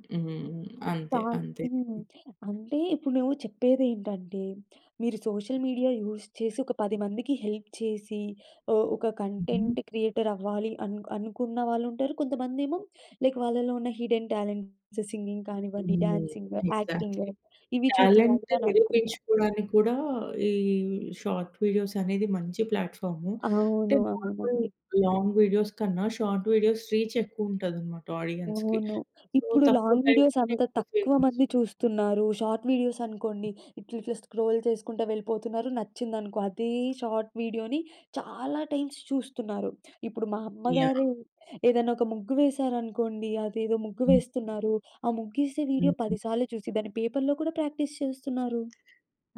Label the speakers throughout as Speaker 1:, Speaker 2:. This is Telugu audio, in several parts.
Speaker 1: హ్మ్. హ్మ్. అంతే.
Speaker 2: సార్
Speaker 1: అంతే.
Speaker 2: హ్మ్. అంటే ఇప్పుడు నువ్వు చెప్పేదేంటంటే మీరు సోషల్ మీడియా యూజ్ చేసి, ఒక 10 మందికి హెల్ప్ చేసి, ఒ ఒక
Speaker 1: హుహు.
Speaker 2: కంటెంట్ క్రియేటరవ్వాలి అన్ అనుకున్న వాళ్ళుంటారు. కొంతమందేమో లైక్ వాళ్ళలో ఉన్న హిడెన్ టాలెంట్స్ సింగింగ్ కానివ్వండి,
Speaker 1: హ్మ్.
Speaker 2: Dancing, acting
Speaker 1: exactly.
Speaker 2: ఇవి చూపియాలి
Speaker 1: టాలెంట్
Speaker 2: అని అనుకుంటారు.
Speaker 1: నిరూపించుకోవడానికి కూడా ఈ షార్ట్ వీడియోస్ అనేది మంచి ప్లాట్‌ఫార్మూ. అంటే
Speaker 2: అవును.
Speaker 1: నార్మల్
Speaker 2: అవునండి.
Speaker 1: లాంగ్ వీడియోస్ కన్నా షార్ట్ వీడియోస్ రీచ్ ఎక్కువ ఉంటదన్నమాట ఆడియన్స్‌కి.
Speaker 2: అవును.
Speaker 1: సో
Speaker 2: ఇప్పుడు
Speaker 1: తక్కువ
Speaker 2: లాంగ్ వీడియోస్
Speaker 1: టైంలోనే
Speaker 2: అంత
Speaker 1: ఎక్కువ
Speaker 2: తక్కువ
Speaker 1: ఫేమస్.
Speaker 2: మంది చూస్తున్నారు. షార్ట్ వీడియోస్ అనుకోండి ఇట్లా ఇట్లా స్క్రోల్ చేసుకుంట వెళ్ళిపోతున్నారు నచ్చిందనుకో అదే షార్ట్ వీడియోని చాలా టైమ్స్ చూస్తున్నారు. ఇప్పుడు మా అమ్మగారు
Speaker 1: యాహ్!
Speaker 2: ఏదైనా ఒక ముగ్గు వేసారనుకోండి అదేదో ముగ్గు
Speaker 1: హ్మ్.
Speaker 2: వేస్తున్నారు ఆ ముగ్గేసే వీడియో
Speaker 1: హుహు.
Speaker 2: 10 సార్లు చూసి దాన్ని పేపర్లో కూడా ప్రాక్టీస్ చేస్తున్నారు.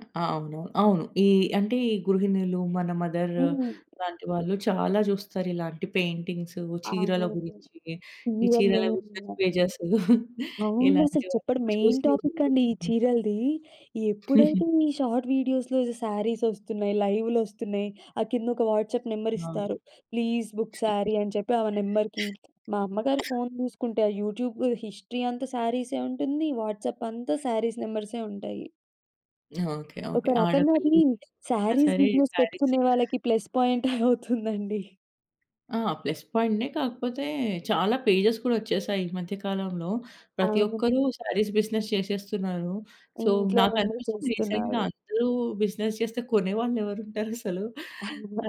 Speaker 1: అ అవును. అవును. ఈ అంటే ఈ గృహిణులు మన మదర్
Speaker 2: హ్మ్.
Speaker 1: లాంటి వాళ్ళు చాలా జూస్తారు ఇలాంటి పెయింటింగ్సు చీరల
Speaker 2: అవునండి.
Speaker 1: గురించి ఈ
Speaker 2: ఇవే
Speaker 1: చీరల బిసినెస్
Speaker 2: మేయిన్‌గా.
Speaker 1: పేజెస్
Speaker 2: అవును. అసలు చెప్పండి
Speaker 1: ఇలాంటివన్నీ
Speaker 2: మెయిన్
Speaker 1: చూసి
Speaker 2: టాపిక్ అండి ఈ
Speaker 1: [unintelligible]
Speaker 2: చీరలది. ఎప్పుడైతే
Speaker 1: హుహు.
Speaker 2: ఈ షార్ట్ వీడియోస్‌లో సారీస్ ఒస్తున్నాయి. లైవ్‌లోస్తున్నాయి. ఆ కింద ఒక వాట్సాప్ నెంబర్
Speaker 1: అవును.
Speaker 2: ఇస్తారు "ప్లీజ్ బుక్ సారీ" అని చెప్పి ఆ నెంబర్‌కి మా అమ్మగారి ఫోన్ జూసుకుంటే ఆ యూట్యూబ్ హిస్టరీ అంతా సారీసే ఉంటుంది. వాట్సాప్ అంతా సారీస్ నెంబర్సే ఉంటాయి.
Speaker 1: ఓకే
Speaker 2: ఒక
Speaker 1: ఓకే.
Speaker 2: రకంగా అది
Speaker 1: ఆడపిల్లలకైనా
Speaker 2: సారీస్
Speaker 1: సరే
Speaker 2: బిజినెస్
Speaker 1: సారీస్
Speaker 2: పెట్టుకునే వాళ్ళకి ప్లస్ పాయింటే అవుతుందండి.
Speaker 1: ఆ! ప్లస్ పాయింట్‌నే కాకపోతే చాలా పేజెస్ కూడా ఒచ్చేసాయి ఈ మధ్య కాలంలో. ప్రతి
Speaker 2: అవును.
Speaker 1: ఒక్కరూ సారీస్ బిజినెస్ చేశేస్తున్నారు. సో
Speaker 2: ఇంట్లో ఉండి
Speaker 1: నాకనిపించింది రీసెంట్‌గా
Speaker 2: చేస్తున్నారు.
Speaker 1: అందరూ బిజినెస్ జేస్తే కొనేవాళ్ళెవరుంటారసలు?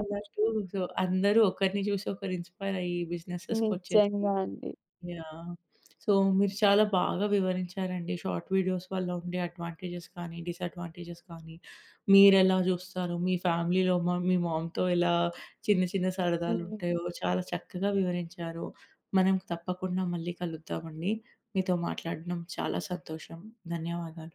Speaker 1: అలా అటు సో అందరూ ఒకరిని జూసి ఒకరు ఇన్స్పైర్ అయ్యి బిజినెస్సెస్‌కొచ్చేసి
Speaker 2: నిజంగా అండి.
Speaker 1: యాహ్! సో మీరు చాలా బాగా వివరించారండి. షార్ట్ వీడియోస్ వల్ల ఉండే అడ్వాంటేజెస్ కానీ డిసడ్వాంటేజ్‌స్ కానీ మీరెలా జూస్తారు? మీ ఫ్యామిలీలో మా మీ మామ్‌తో ఎలా చిన్న చిన్న
Speaker 2: హ్మ్.
Speaker 1: సరదాలుంటాయో చాలా చక్కగా వివరించారు. మనం తప్పకుండా మళ్ళీ కలుద్దామండి. మీతో మాట్లాడడం చాలా సంతోషం. ధన్యవాదాలు.